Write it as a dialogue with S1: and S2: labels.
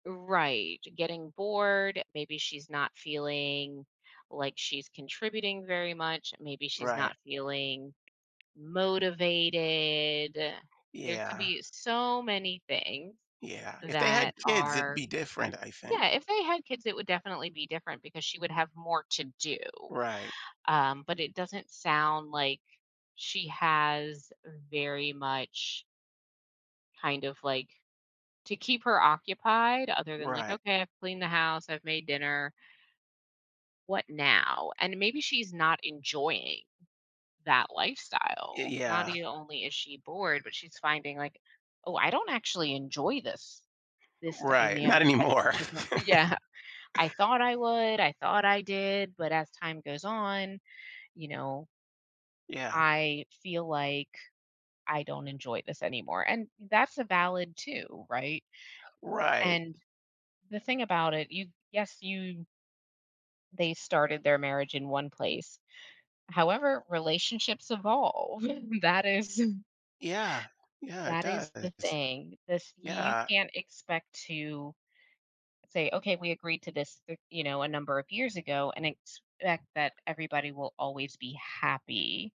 S1: Right. Getting bored, maybe she's not feeling like she's contributing very much. Maybe she's
S2: Right.
S1: not feeling motivated. There could
S2: Yeah.
S1: be so many things
S2: Yeah. If they
S1: that
S2: had kids, it'd
S1: are
S2: be different, I think.
S1: Yeah, if they had kids, it would definitely be different because she would have more to do.
S2: Right.
S1: Um, but it doesn't sound like she has very much kind of like to keep her occupied other than like,
S2: Right.
S1: "Okay, I've cleaned the house. I've made dinner" What now? And maybe she's not enjoying that
S2: Y
S1: lifestyle. Not
S2: Yeah.
S1: e only is she bored, but she's finding like, "Oh, I don't actually enjoy this this
S2: Right. Not
S1: dynamic as
S2: anymore.
S1: much as I" Yeah. "I thought I would. I thought I did." But as time goes on, you know
S2: Yeah.
S1: "I feel like I don't enjoy this anymore." And that's a valid too, right?
S2: Right.
S1: And the thing about it, you yes, you they started their marriage in one place. However, relationships evolve. That is
S2: Yeah. Yeah, it
S1: that is the
S2: does.
S1: thing. This you
S2: Yeah.
S1: can't expect to say, "Okay, we agreed to this, you know, a number of years ago and expect that everybody will always be happy."